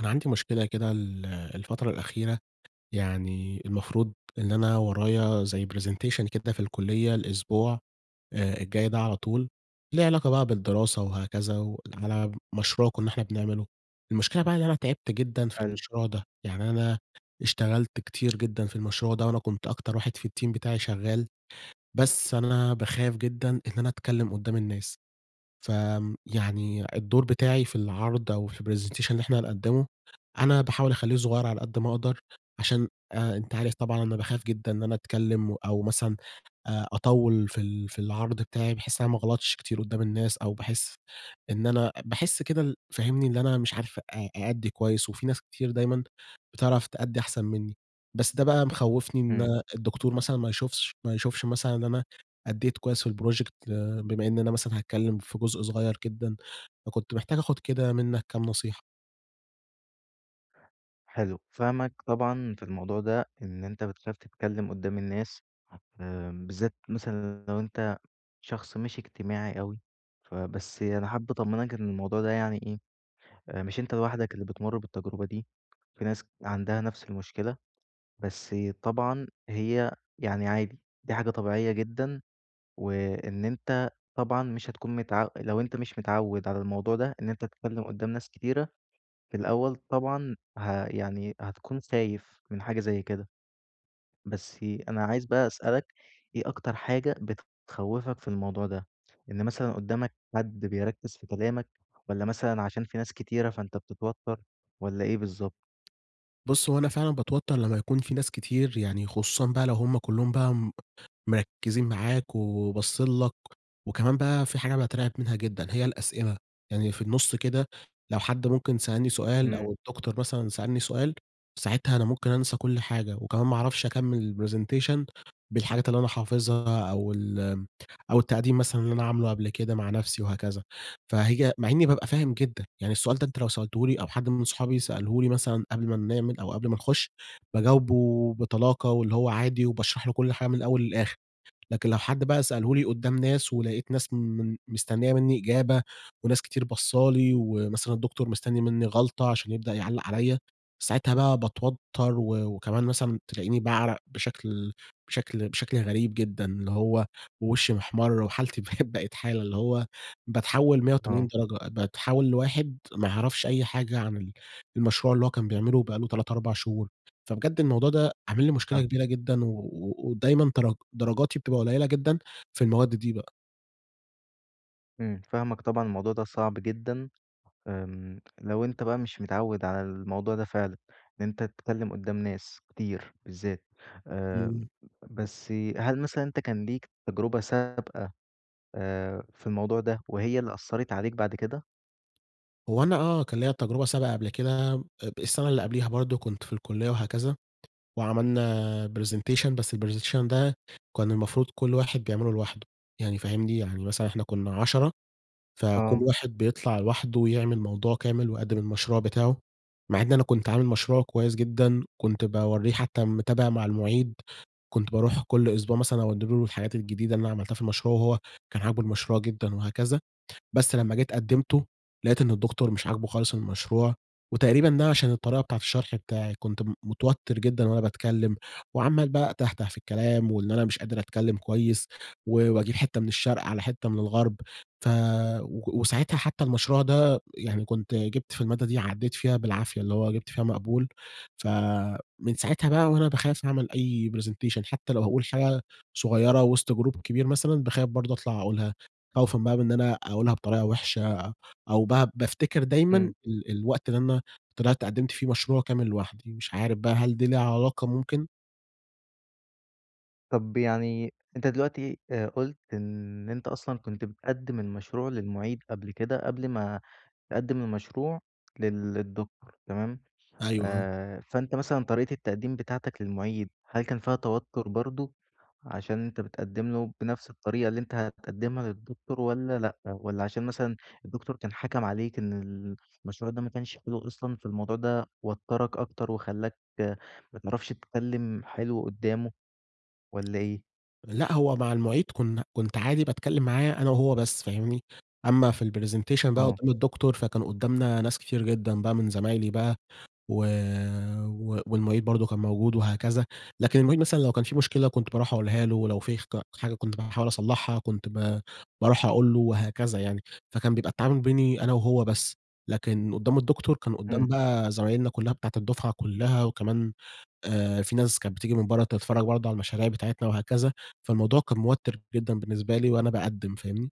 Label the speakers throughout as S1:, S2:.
S1: أنا عندي مشكلة كده ال الفترة الأخيرة، يعني المفروض إن أنا ورايا زي presentation كده في الكلية الأسبوع آآ الجاي ده على طول، ليه علاقة بقى بالدراسة وهكذا، وعلى مشروع كنا إحنا بنعمله، المشكلة بقى إن أنا تعبت جدًا في
S2: أيوه.
S1: المشروع ده، يعني أنا اشتغلت كتير جدًا في المشروع ده، وأنا كنت أكتر واحد في الteam بتاعي شغال، بس أنا باخاف جدًا إن أنا أتكلّم قدّام الناس. ف آمم يعني الدور بتاعي في العرض أو في الpresentation اللي إحنا هنقدّمه، أنا باحاول أخلّيه صغيّر على قد ما أقدر، عشان آآ أنت عارف طبعًا أنا باخاف جدًا إن أنا أتكلم، أو مثلًا آآ أطوّل في ال في العرض بتاعي، بحيث إن أنا ما أغلطش كتير قدّام الناس، أو باحس إن أنا باحس كده ال فاهمني؟ إن أنا مش عارف أ أأدي كويس، وفي ناس كتير دايمًا بتعرف تأدي أحسن منّي، بس ده بقى مخوّفني إن
S2: إمم.
S1: الدكتور مثلًا ما يشوفش ما يشوفش مثلًا إن أنا أديت كويس في الproject، آآ بما إن أنا مثلًا هاتكلم في جزء صغيّر جدًا، فكنت محتاج آخد كده منك كام نصيحة.
S2: حلو، فاهمك طبعًا في الموضوع ده إن أنت بتخاف تتكلم قدّام الناس امم، بالذات مثلًا لو أنت شخص مش إجتماعي أوي، ف بس أنا حابب أطمنك إن الموضوع ده يعني إيه، آآ، مش أنت لوحدك اللي بتمُر بالتجربة دي، في ناس عندها نفس المشكلة، بس طبعًا هي يعني عادي، دي حاجة طبيعية جدًا وإن أنت طبعًا مش هتكون متعو لو أنت مش متعود على الموضوع ده، إن أنت تتكلم قدّام ناس كتيرة، في الأول طبعًا ه يعني هتكون خايف من حاجة زي كده. بس أنا عايز بقى أسألك، إيه أكتر حاجة بتخوفك في الموضوع ده؟ إن مثلًا قدامك حد بيركِز في كلامك والّا مثلًا عشان في ناس كتيرة فأنت بتتوتر والّا إيه بالضبط؟
S1: بُص هو أنا فعلًا باتوتر لمّا يكون في ناس كتير يعني خصوصًا بقى لو هُم كلّهم بقى م مركزين معاك و وباصين لك، وكمان بقى في حاجة باترعب منها جدًا هي الأسئلة، يعني في النُص كده لو حد ممكن سألني سؤال
S2: إمم.
S1: أو الدكتور مثلًا سألني سؤال ساعتها أنا ممكن أنسى كل حاجة وكمان ما أعرفش أكمل الpresentation بالحاجات اللي أنا حافظها أو ال آمم، أو التقديم مثلًا اللي أنا عامله قبل كده مع نفسي وهكذا. فهي مع إني بابقى فاهم جدًا، يعني السؤال ده أنت لو سألته لي أو حد من صحابي سأله لي مثلًا قبل ما بنعمل أو قبل ما نخُش، باجاوبه بطلاقة واللي هو عادي وباشرح له كل حاجة من الأول للآخر، لكن لو حد بقى سأله لي قدّام ناس ولقيت ناس من مستنية منّي إجابة وناس كتير باصة لي ومثلًا الدكتور مستني منّي غلطة عشان يبدأ يعلق عليَّ، ساعتها بقى باتوتر و وكمان مثلًا تلاقيني باعرق بشكل بشكل بشكل غريب جدًا، اللي هو وشي محمر وحالتي بقت بقت حالة اللي هو باتحول 180
S2: آه.
S1: درجة، باتحول لواحد ما يعرفش أي حاجة عن ال المشروع اللي هو كان بيعمله بقى له 3، 4 شهور. فبجد الموضوع ده عامل لي مشكلة
S2: فاهمك.
S1: كبيرة جدًا و و ودايمًا درج درجاتي بتبقى قليلة جدًا في المواد دي بقى.
S2: إمم فاهمك طبعًا الموضوع ده صعب جدًا، امم لو أنت بقى مش متعود على الموضوع ده فعلًا، إن أنت تتكلّم قدّام ناس كتير بالذات. آآ
S1: امم.
S2: بس هل مثلًا أنت كان ليك تجربة سابقة آآ في الموضوع ده، وهي اللي أثّرِت عليك بعد كده؟
S1: هو أنا آه، كان ليّا تجربة سابقة قبل كده، آآ ب السنة اللي قبليها برضه كنت في الكلية وهكذا، وعملنا presentation، بس الpresentation ده كان المفروض كل واحد بيعمله لوحده، يعني فاهمني؟ يعني مثلًا إحنا كنا 10، فكل
S2: آه.
S1: واحد بيطلع لوحده ويعمل موضوع كامل ويقدّم المشروع بتاعه. مع إن أنا كنت عامل مشروع كويس جدًا، كنت باورّيه حتى متابع مع المعيد، كنت باروح كل أسبوع مثلًا أودّي له الحاجات الجديدة اللي أنا عملتها في المشروع، وهو كان عاجبه المشروع جدًا وهكذا، بس لمّا جيت قدمته، لقيت إن الدكتور مش عاجبه خالص المشروع، وتقريبًا ده عشان الطريقة بتاعة الشرح بتاعي، كنت م متوتر جدًا وأنا باتكلم، وعَمال بقى أتهته في الكلام وإن أنا مش قادر أتكلم كويس، و وأجيب حتة من الشرق على حتة من الغرب، ف و وساعتها حتى المشروع ده يعني كنت جبت في المادة دي عدّيت فيها بالعافية، اللي هو جبت فيها مقبول، فمن ساعتها بقى وأنا باخاف أعمل أي presentation، حتى لو هاقول حاجة صغيرة وسط جروب كبير مثلًا باخاف برضه أطلع أقولها، خوفًا بقى من أنا أقولها بطريقة وحشة، أو بقى بافتكر دايمًا
S2: امم.
S1: ال الوقت اللي أنا طلعت قدّمت فيه مشروع كامل لوحدي، مش عارف بقى هل دي ليها علاقة ممكن؟
S2: طب يعني أنت دلوقتي آآ قُلت إن أنت أصلًا كنت بتقدِّم المشروع للمعيد قبل كده، قبل ما تقدِّم المشروع لل الدكتور، تمام.
S1: أيوه، آه.
S2: آآ، فأنت مثلًا طريقة التقديم بتاعتك للمعيد، هل كان فيها توتر برضه؟ عشان أنت بتقدِّم له بنفس الطريقة اللي أنت هتقدمها للدكتور والّا لأ، والّا عشان مثلًا الدكتور كان حَكَم عليك إن ال المشروع ده ما كانش حلو أصلًا، فالموضوع ده وتّرك أكتر وخلّاك ما تعرفش تتكلم حلو قدامه والّا إيه؟
S1: لأ، هو مع المعيد كنا كنت عادي باتكلم معاه أنا وهو بس، فاهمني؟ أمّا في الpresentation بقى
S2: آه.
S1: قدّام الدكتور، فكان قدّامنا ناس كتير جدًا بقى من زمايلي بقى و و والمعيد برضه كان موجود وهكذا، لكن المعيد مثلًا لو كان في مشكلة كنت باروح أقولها له، ولو في خج حاجة كنت باحاول أصلحها كنت با باروح أقول له وهكذا يعني. فكان بيبقى التعامل بيني أنا وهو بس، لكن قدّام الدكتور كان قدّام
S2: إمم.
S1: بقى زمايلنا كلّها بتاعة الدفعة كلّها وكمان، آآ في ناس كانت بتيجي من برّه تتفرج برضه على المشاريع بتاعتنا وهكذا، فالموضوع كان موتِّر جدًا بالنسبة لي وأنا باقدِّم، فاهمني؟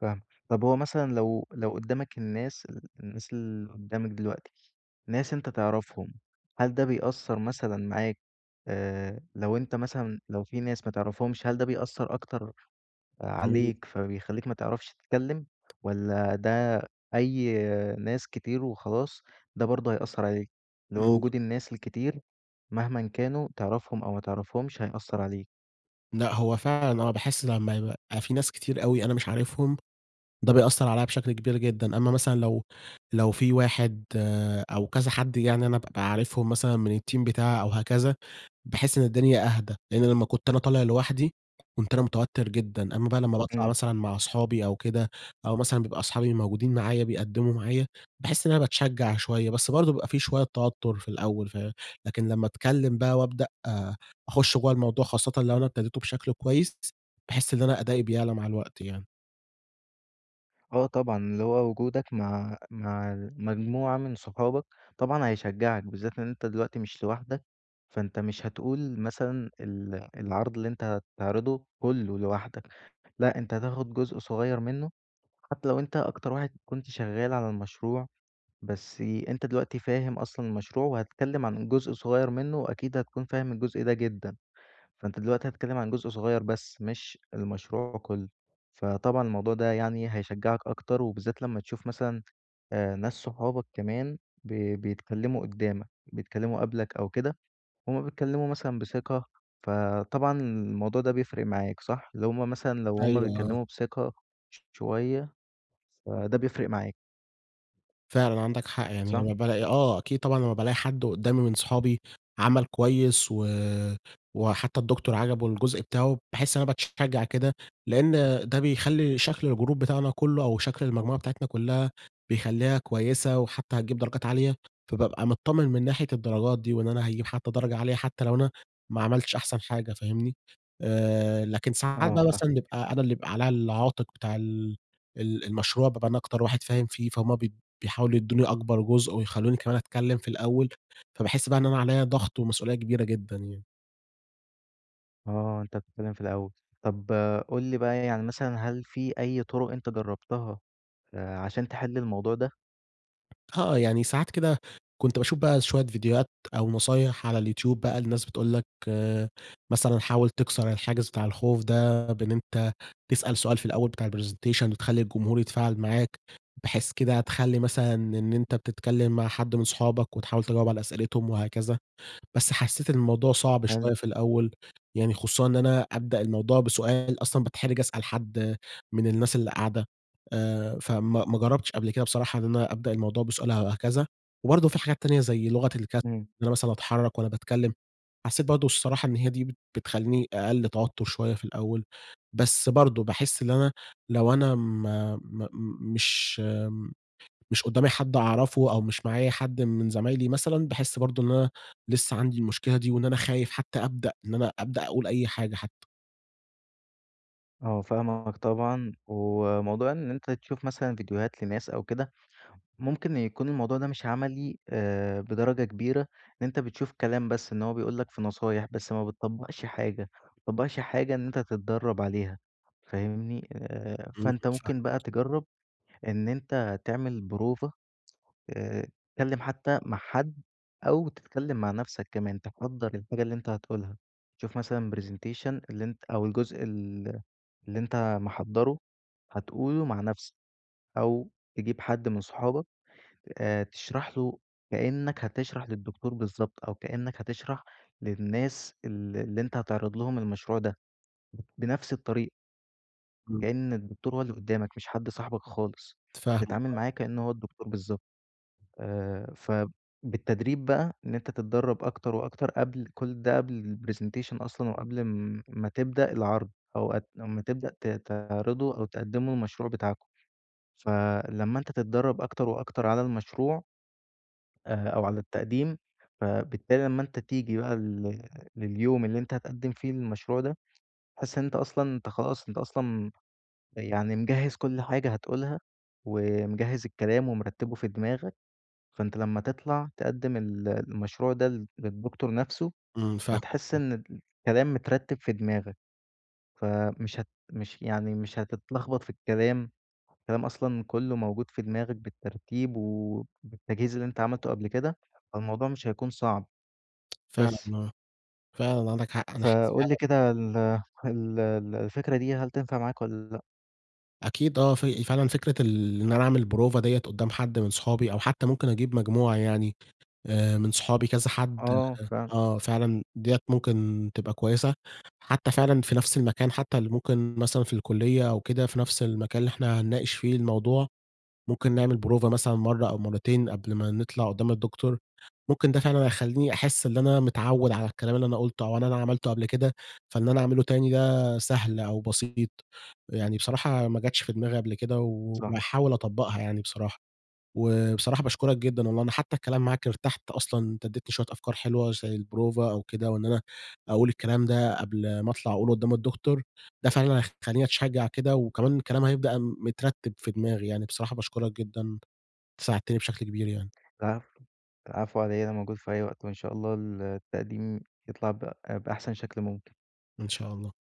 S2: فاهمك، طب هو مثلًا لو لو قدّامك الناس ال الناس اللي قدّامك دلوقتي، ناس أنت تعرفهم، هل ده بيأثر مثلًا معاك آآ لو أنت مثلًا لو في ناس ما تعرفهمش، هل ده بيأثر أكتر
S1: إمم.
S2: عليك، فبيخلّيك ما تعرفش تتكلم، والّا ده أي ناس كتير وخلاص ده برضه هيأثر عليك، اللي هو
S1: امم.
S2: وجود الناس الكتير، مهمًا كانوا تعرفهم أو ما تعرفهمش هيأثر عليك؟
S1: لأ، هو فعلًا آه باحس لمّا يبقى في ناس كتير أوي أنا مش عارفهم، ده بيأثر عليّا بشكل كبير جدًا، أمّا مثلًا لو لو في واحد آآ أو كذا حد يعني أنا بابقى عارفهم مثلًا من الteam بتاعي أو هكذا، باحس إن الدنيا أهدى، لأن لمّا كنت أنا طالع لوحدي، كنت أنا متوتر جدًا، أمّا بقى لمّا باطلع
S2: امم.
S1: مثلًا مع أصحابي أو كده، أو مثلًا بيبقى أصحابي موجودين معايا بيقدّموا معايا، باحس إن أنا باتشجع شوية. بس برضه بيبقى في شوية توتر في الأول، فه لكن لمّا أتكلم بقى وابدأ أخش جوّا الموضوع، خاصةً لو أنا ابتديته بشكل كويس، باحس إن أنا أدائي بيعلى مع الوقت يعني.
S2: آه طبعًا، اللي هو وجودك مع مع المجموعة من صحابك، طبعًا هيشجعك بالذات إن أنت دلوقتي مش لوحدك، فأنت مش هتقول مثلًا ال العرض اللي أنت هتعرضه كلّه لوحدك، لأ، أنت هتاخد جزء صغير منه، حتى لو أنت أكتر واحد كنت شغال على المشروع بس أنت دلوقتي فاهم أصلًا المشروع وهتتكلم عن جزء صغير منه وأكيد هتكون فاهم الجزء ده جدًا، فأنت دلوقتي هتتكلم عن جزء صغير بس مش المشروع كلّه. فطبعًا الموضوع ده يعني هيشجعك أكتر وبالذات لمّا تشوف مثلًا، آآ ناس صحابك كمان ب بيتكلموا قدّامك، بيتكلّموا قبلك أو كده، هُم بيتكلموا مثلًا بثقة، فطبعًا الموضوع ده بيفرق معاك، صح؟ اللي هُم مثلًا لو هُم
S1: أيوه، آه.
S2: بيتكلموا بثقة ش شوية فده بيفرق معاك.
S1: فعلًا عندك حق، يعني
S2: صح؟
S1: لمّا بالاقي آه، أكيد طبعًا لمّا بالاقي حد قدامي من صحابي عمل كويس و وحتى الدكتور عجبه الجزء بتاعه، باحس إن أنا باتشجع كده لأن ده بيخلّي شكل الجروب بتاعنا كلّه أو شكل المجموعة بتاعتنا كلّها بيخلّيها كويسة وحتى هتجيب درجات عالية، فبابقى متطمن من ناحية الدرجات دي وإن أنا هاجيب حتى درجة عالية حتى لو أنا ما عملتش أحسن حاجة، فاهمني؟ آآ لكن ساعات
S2: آه
S1: بقى
S2: فاهم
S1: مثلًا نبقى أنا اللي يبقى عليَّ العاتق بتاع ال ال المشروع، بابقى أنا أكتر واحد فاهم فيه، فهُم بيد بيحاولوا يدوني أكبر جزء ويخلّوني كمان أتكلم في الأول، فباحس بقى إن أنا عليَّ ضغط ومسؤولية كبيرة جدًا يعني.
S2: آه، أنت بتتكلم في الأول. طب قُل لي بقى يعني مثلًا هل في أي طرق أنت جربتها، آآ عشان تحل الموضوع ده؟
S1: آه، يعني ساعات كده كنت باشوف بقى شوية ڤيديوهات أو نصايح على الYouTube بقى لناس بتقول لك مثلًا حاول تكسر الحاجز بتاع الخوف ده بإن أنت تسأل سؤال في الأول بتاع الpresentation وتخلّي الجمهور يتفاعل معاك، بحيث كده تخلّي مثلًا إن أنت بتتكلم مع حد من صحابك وتحاول تجاوب على أسئلتهم وهكذا. بس حسيت إن الموضوع صعب
S2: حلو.
S1: شوية في الأول، يعني خصوصًا إن أنا أبدأ الموضوع بسؤال، أصلًا باتحرج أسأل حد من الناس اللي قاعدة، آآ فما ما جربتش قبل كده بصراحة إن أنا أبدأ الموضوع بسؤال أو هكذا. وبرضه في حاجات تانية زي لغة الج إن
S2: إمم.
S1: أنا مثلًا أتحرك وأنا باتكلم، حسيت برضه الصراحة إن هي دي بت بتخلّيني أقل توتر شوية في الأول، بس برضه باحس إن أنا لو أنا م م مش مش قدامي حد أعرفه أو مش معايا حد من زمايلي مثلًا، باحس برضه إن أنا لسه عندي المشكلة دي وإن أنا خايف حتى أبدأ إن أنا أبدأ أقول أي حاجة حتى.
S2: آه، فاهمك طبعًا، وموضوع إن أنت تشوف مثلًا ڤيديوهات لناس أو كده ممكن يكون الموضوع ده مش عملي آآ، بدرجة كبيرة، لإن أنت بتشوف كلام بس إن هو بيقول لك في نصايح، بس ما بتطّبقش حاجة ما بتطّبقش حاجة إن أنت تتدرّب عليها، فاهمني؟ آآ،
S1: إمم،
S2: فأنت
S1: فاهمك.
S2: ممكن بقى تجرّب إن أنت تعمل بروفة آآ، تتكلّم حتّى مع حد أو تتكلّم مع نفسك كمان، تحضّر الحاجة اللي أنت هتقولها، شوف مثلًا presentation اللي أنت أو الجزء ال اللي أنت محضّره هتقوله مع نفسك، أو تجيب حد من صحابك آآ، تشرح له كأنّك هتشرح للدكتور بالضبط، أو كأنّك هتشرح للناس ال اللي أنت هتعرض لهم المشروع ده، بنفس الطريقة.
S1: إمم.
S2: كأن الدكتور هو اللي قدّامك، مش حد صاحبك خالص،
S1: فاهمك،
S2: تتعامل
S1: آه.
S2: معاه كأنّه هو الدكتور بالضبط، آآ، فبالتدريب بقى إن أنت تتدرّب أكتر وأكتر قبل كل ده قبل الpresentation أصلًا وقبل ام امّا تبدأ العرض أو ما تبدأ ت تعرضوا أو تقدموا المشروع بتاعكم، فلمّا أنت تتدرّب أكتر وأكتر على المشروع آآ، أو على التقديم فبالتالي لمّا أنت تيجي بقى لل لليوم اللي أنت هتقدّم فيه للمشروع ده، هتحس أنت أصلًا أنت خلاص أنت أصلًا يعني مجهّز كل حاجة هتقولها، ومجهّز الكلام ومرتّبه في دماغك، فأنت لمَّا تطلع تقدّم ال المشروع ده للد للدكتور نفسه،
S1: إمم، فاهمك
S2: هتحس
S1: آه.
S2: إن الكلام مترّتب في دماغك، فمش هت مش يعني مش هتتلخبط في الكلام، الكلام أصلًا كلّه موجود في دماغك بالترتيب، وبالتجهيز اللي أنت عملته قبل كده، فالموضوع مش هيكون صعب،
S1: فعلًا
S2: بس.
S1: آه، فعلًا عندك حق أنا حاسس
S2: فقُل لي
S1: فعلًا
S2: كده ال ال ال الفكرة دي هل تنفع معاك والَّا لأ؟
S1: أكيد آه، في فعلًا فكرة ال إن أنا أعمل بروفة دِيَّة قدّام حد من صحابي، أو حتّى ممكن أجيب مجموعة يعني آآ، من صحابي كذا حد
S2: آه، فهمت.
S1: آه، فعلًا دِيَّة ممكن تبقى كويّسة، حتّى فعلًا في نفس المكان حتّى ال ممكن مثلًا في الكلية أو كده في نفس المكان اللي إحنا هنناقش فيه الموضوع، ممكن نعمل بروفة مثلًا مرّة أو مرّتين قبل ما نطلع قدّام الدكتور، ممكن ده فعلًا هيخليني أحس إن أنا متعوّد على الكلام اللي أنا قلتُه أو إن أنا عملته قبل كده، فإن أنا أعمله تاني ده سهل أو بسيط، أ يعني بصراحة ما جاتش في دماغي قبل كده
S2: صح.
S1: وهاحاول أطُبقها يعني بصراحة، و بصراحة باشكرك جدًا والله أنا حتّى الكلام معاك إرتحت أصلًا، أنت اديتني شويّة أفكار حلوة زي البروفة أو كده، وإن أنا أقول الكلام ده قبل ما أطلع أقوله قدّام الدكتور، ده فعلًا هيخلّيني اتشجّع كده وكمان الكلام هيبقى مترّتب في دماغي، يعني بصراحة باشكرك جدًا، أنت ساعدتني بشكل كبير يعني.
S2: العفو، العفو على إيه، أنا موجود في أي وقت، وإن شاء الله ال التقديم يطلع ب بأحسن شكل ممكن.
S1: إن شاء الله.